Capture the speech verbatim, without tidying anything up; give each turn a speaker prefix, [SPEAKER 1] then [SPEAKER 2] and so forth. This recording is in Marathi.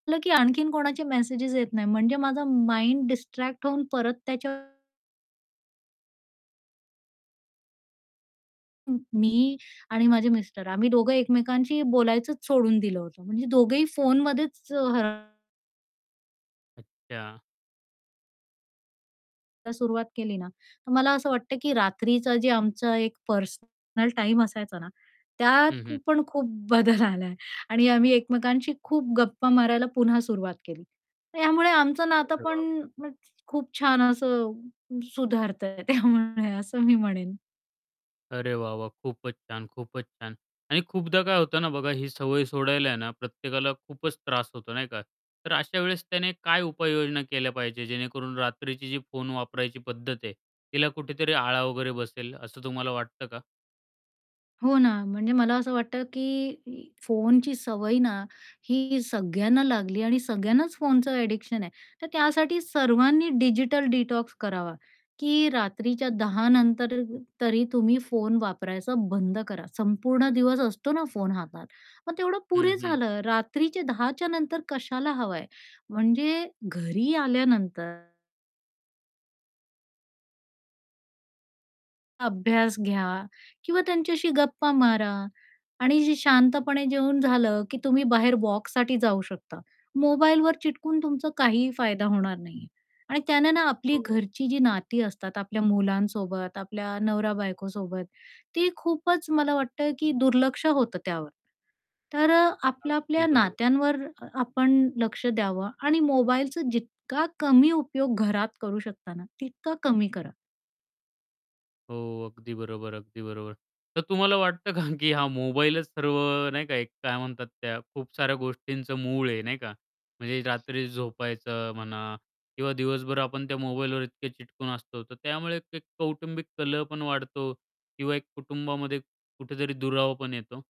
[SPEAKER 1] म्हटलं की आणखीन कोणाचे मेसेजस येत नाहीत. म्हणजे माझा माइंड डिस्ट्रॅक्ट होऊन परत त्याच्या अं, मी आणि माझे मिस्टर, आम्ही दोघे एकमेकांशी बोलायचंच सोडून दिलं होतं. म्हणजे दोघेही फोनमध्येच हरव
[SPEAKER 2] अच्छा.
[SPEAKER 1] तर सुरुवात केली ना, तर मला असं वाटतं, की रात्रीचं जे आमचं एक पर्सनल टाईम असायचा ना
[SPEAKER 2] हं,
[SPEAKER 1] त्यात
[SPEAKER 2] हं.
[SPEAKER 1] पण खूप बदल आला आहे. आणि आम्ही एकमेकांशी खूप गप्पा मारायला पुन्हा सुरुवात केली. तर यामुळे आमचं नातं
[SPEAKER 2] अरे
[SPEAKER 1] पण
[SPEAKER 2] बाप!
[SPEAKER 1] मग खूप छान असं अ, सुधारतयं त्यामुळे असं मी म्हणेन.
[SPEAKER 2] अरे, वाह! वाह! खूपच छान! खूपच छान! आणि खूपदा काय होतं ना बघा, ही सवय सोडायला आहे ना प्रत्येकाला खूपच त्रास होतो नाही का? तर अशा वेळेस त्याने काय उपाययोजना केल्या पाहिजे जेणेकरून रात्रीची जी फोन वापरायची पद्धत आहे तिला कुठेतरी आळा वगैरे बसेल असं तुम्हाला वाटतं का?
[SPEAKER 1] हो ना. म्हणजे मला असं वाटतं, की ही फोनची सवय ना ही सगळ्यांना लागली आणि सगळ्यांनाच फोनचं ॲडिक्शन आहे. तर त्यासाठी सर्वांनी डिजिटल डिटॉक्स करावा, की रात्रीच्या दहा नंतर अ अ तरी तुम्ही फोन वापरायचा बंद करा, संपूर्ण दिवस असतो ना फोन हातात मग तेवढं
[SPEAKER 2] हं,
[SPEAKER 1] पुरे
[SPEAKER 2] हं.
[SPEAKER 1] झालं. रात्रीचे दहा च्या नंतर कशाला हवायं? म्हणजे घरी आल्यानंतर अभ्यास घ्या. किंवा त्यांच्याशी गप्पा मारा आणि जी शांतपणे जेवून झालं, की तुम्ही बाहेर वॉकसाठी जाऊ शकता. मोबाईलवर चिटकून तुमचा काहीही फायदा होणार नाही आहे. आणि त्यानं ना आपली
[SPEAKER 2] हो.
[SPEAKER 1] घरची जी नाती असतात आपल्या मुलांसोबत, आपल्या नवरा-बायकोसोबत, ती खूपच मला वाटतं, की दुर्लक्ष होतं त्यावर. तर अ, आपलं
[SPEAKER 2] अगदी
[SPEAKER 1] आपल्या
[SPEAKER 2] बरोब
[SPEAKER 1] नात्यांवर अ आपण लक्ष द्यावं. आणि मोबाईलचा जितका कमी उपयोग घरात करू शकता ना, तितका कमी करा.
[SPEAKER 2] हो. अगदी बरोबर, अगदी बरोबर. तर तुम्हाला वाटतं का, की हा मोबाईलच सर्व अ, नाही का, एक काय म्हणतात त्या खूप साऱ्या गोष्टींचं मूळ आहे, नाही का? म्हणजे रात्री झोपायचं म्हणा किंवा दिवसभर आपण त्या मोबाईलवर इतके चिटकून असतो तर त्यामुळे एक कौटुंबिक कलह पण वाढतो किंवा एक कुटुंबामध्ये कुठेतरी दुरावा पण येतो?